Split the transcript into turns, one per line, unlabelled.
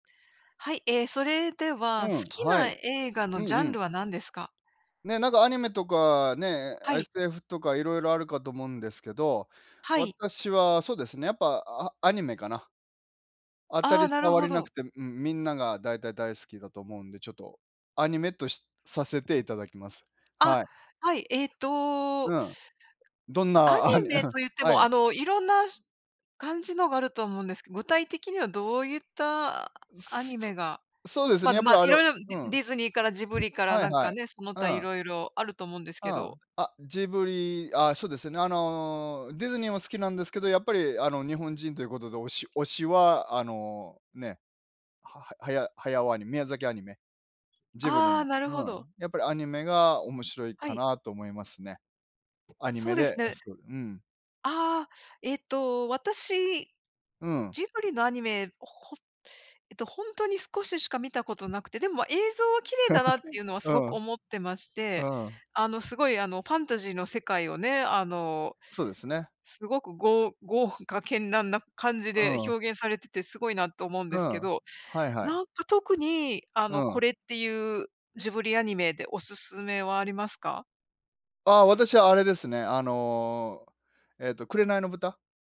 はい、ええ、それで
う
は、好
ん、
き
は
な
い。
映画
う
のジャ
んう
ン
ん。
ルは何ですか？
ね、なんかアニメとかね、
はい。
SF とか色々あるかと思うんですけど、
はい。
私はそうですね、やっぱ、あアニメかな。当た
ああ、
り
なる
障
ほ
りなく
ど。
てうん、みんなが大体、大好きだと思うんで、ちょっとアニメとしさせていただきます。
あ、
はい。
はい。えっと
うん。どん
ア
な、ア
ニ
ニ
メ
うん、
とゆって
は
も、
い。
あの色んなしゅ感じのがあると思うんですけど、具体的にはどうゆったア
す、
ニ
そ
メが、
そうです
まあ
ね、やっ
ま
ぱ
あ
り、あの
色々デ
う
ィデ
ん。
ィズニーからジブリから
はい
なん
は
か
い。
ね、その
う
他
ん。
色々あると思うんです
う
けど。
ん、あ、ジブリああ、そうですよね。あの、ディズニーも好きなんですけど、やっぱり、あの、日本人ということで、おし推しは、あの、ね。はははや駿アニメ宮崎アニメ。ジブリ
ああ、
も。
なるほ
うん。
ど。
やっぱりアニメが面白い
は
か
い。
なと思いますね。アニ
そう
メ
で
で
す
あ、
ね。
そう、うん。
ああ、えっと、私、
うん。
ジブリのアニメ、ほえっと、本当に少ししか見たことなくて、でも映像は綺麗だなっていう のはす
う
ご
ん。
く思ってまして。
うん。
あの、すごいあのファンタジーの世界をね、あの、
そうですね。
すごく、ごう豪華絢爛な感じ
う
で
ーん。
表現されててすごいなと思うんで
う
すけ
ん。
ど、
はいはい。
なんか特に、あ
う
の、こ
ん。
れってゆう、ジブリアニメでお勧めはありますか？
あ、私あれですね。あの、えっと、紅の豚。